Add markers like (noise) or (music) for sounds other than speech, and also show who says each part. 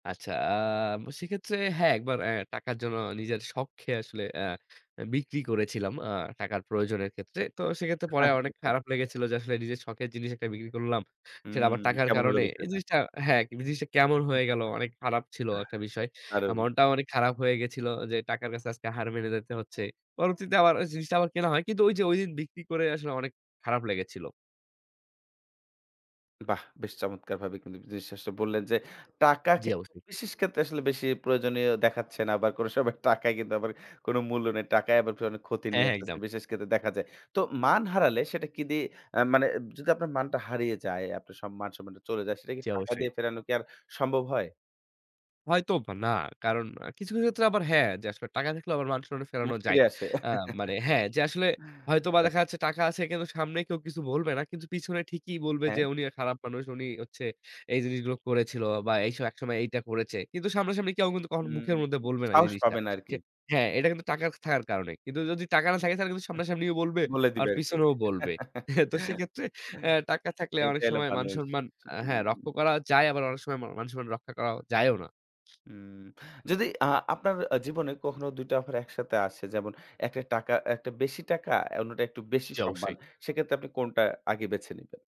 Speaker 1: আচ্ছা, আ সেক্ষেত্রে হ্যাঁ, ১ বার অ্যা টাকার জন্য নিজের শখ কে আসলে অ্যা এ বিক্রি করেছিলাম। আ টাকার প্রয়োজনের ক্ষেত্রে। তো সেক্ষেত্রে পরে
Speaker 2: আচ্ছা,
Speaker 1: অনেক
Speaker 2: আচ্ছা।
Speaker 1: খারাপ লেগেছিল যে, "আসলে নিজের শখের জিনিস একটা বিক্রি করলাম? সেটা
Speaker 2: হুম,
Speaker 1: আবার টাকার
Speaker 2: কেমন হল
Speaker 1: কারণে।" এই
Speaker 2: বিষয়টা?
Speaker 1: জিনিসটা হ্যাঁ, "জিনিসটা কেমন হয়ে গেল?" অনেক খারাপ ছিল একটা বিষয়।
Speaker 2: (chuckles) দারুন!
Speaker 1: মনটাও অনেক খারাপ হয়ে গেছিল যে, "টাকার কাছে আজকে হার মেনে যেতে হচ্ছে।" পরবর্তীতে আবার জিনিসটা আবার কেনা হয়। কিন্তু ঐযে ঐদিন বিক্রি করে আসলে অনেক খারাপ লেগেছিল।
Speaker 2: বাহ! বেশ চমৎকারভাবে কিন্তু জিনিসটা আসলে বললেন যে, টাকা
Speaker 1: জ্বী,
Speaker 2: কিন্তু
Speaker 1: অবশ্যই।
Speaker 2: বিশেষ ক্ষেত্রে আসলে বেশি প্রয়োজনীয় দেখাচ্ছে না। বা কোনো সময় টাকায় কিন্তু আবার কোন মূল্য নেই। টাকায় আবার অনেক ক্ষতি
Speaker 1: হ্যাঁ,
Speaker 2: নিয়ে
Speaker 1: হ্যাঁ,
Speaker 2: আসছে।
Speaker 1: একদম।
Speaker 2: বিশেষ ক্ষেত্রে দেখা যায়। তো মান হারালে, সেটা কি দিয়ে আ মানে এব যদি আপনার মানটা হারিয়ে যায়, আপনার সব মান-সম্মানটা চলে যায়, সেটা কি
Speaker 1: জ্বী,
Speaker 2: টাকা
Speaker 1: অবশ্যই।
Speaker 2: দিয়ে ফেরানো কি আর সম্ভব হয়?
Speaker 1: হয়তোবা না। কারণ কিছু, কিছু ক্ষেত্রে আবার হ্যাঁ। যে আসলে, টাকা থাকলে আবার মান-সম্মান ফেরানো
Speaker 2: মান
Speaker 1: যায়।
Speaker 2: ফিরে আসে।
Speaker 1: আ মানে হ্যাঁ, যে
Speaker 2: (chuckles)
Speaker 1: আসলে হয়তোবা
Speaker 2: আচ্ছা।
Speaker 1: দেখা যাচ্ছে টাকা আছে কিন্তু, সামনে কেউ কিছু বলবে না। কিন্তু পিছনে ঠিকই বলবে যে,
Speaker 2: হ্যাঁ।
Speaker 1: "উনি খারাপ মানুষ। উনি হচ্ছে এই জিনিসগুলো করেছিল বা এইসব একসময় এইটা করেছে।" কিন্তু সামনাসামনি কেউ কিন্তু কখনো
Speaker 2: হুম,
Speaker 1: মুখের মধ্যে বলবে না এই
Speaker 2: সাহস
Speaker 1: জিনিসটা।
Speaker 2: পাবেন
Speaker 1: সে
Speaker 2: আরকি।
Speaker 1: হ্যাঁ, এটা কিন্তু টাকা থাকার কারণে। কিন্তু যদি টাকা না থাকে, তাহলে কিন্তু সামনাসামনি বলবে
Speaker 2: বলে
Speaker 1: আর
Speaker 2: দিবে আরকি।
Speaker 1: পিছনেও বলবে।
Speaker 2: (chuckles)
Speaker 1: (chuckles) তো সেক্ষেত্রে অ্যা টাকা থাকলে
Speaker 2: এইটা
Speaker 1: অনেক
Speaker 2: হলো
Speaker 1: সময়
Speaker 2: মানুষ।
Speaker 1: মান-সম্মান আ হ্যাঁ, রক্ষা
Speaker 2: হুম।
Speaker 1: করা যায়, আবার অনেক সময় মা মান-সম্মান রক্ষা করা যায়ও না।
Speaker 2: উম যদি আ আপনার জীবনে কখনো ২ টা অফার একসাথে আসে, যেমন একটা টাকা একটা বেশি টাকা, অন্যটা একটু বেশি
Speaker 1: জ্বী,
Speaker 2: সম্মান,
Speaker 1: অবশ্যই।
Speaker 2: সেক্ষেত্রে আপনি কোনটা আগে বেছে নিবেন?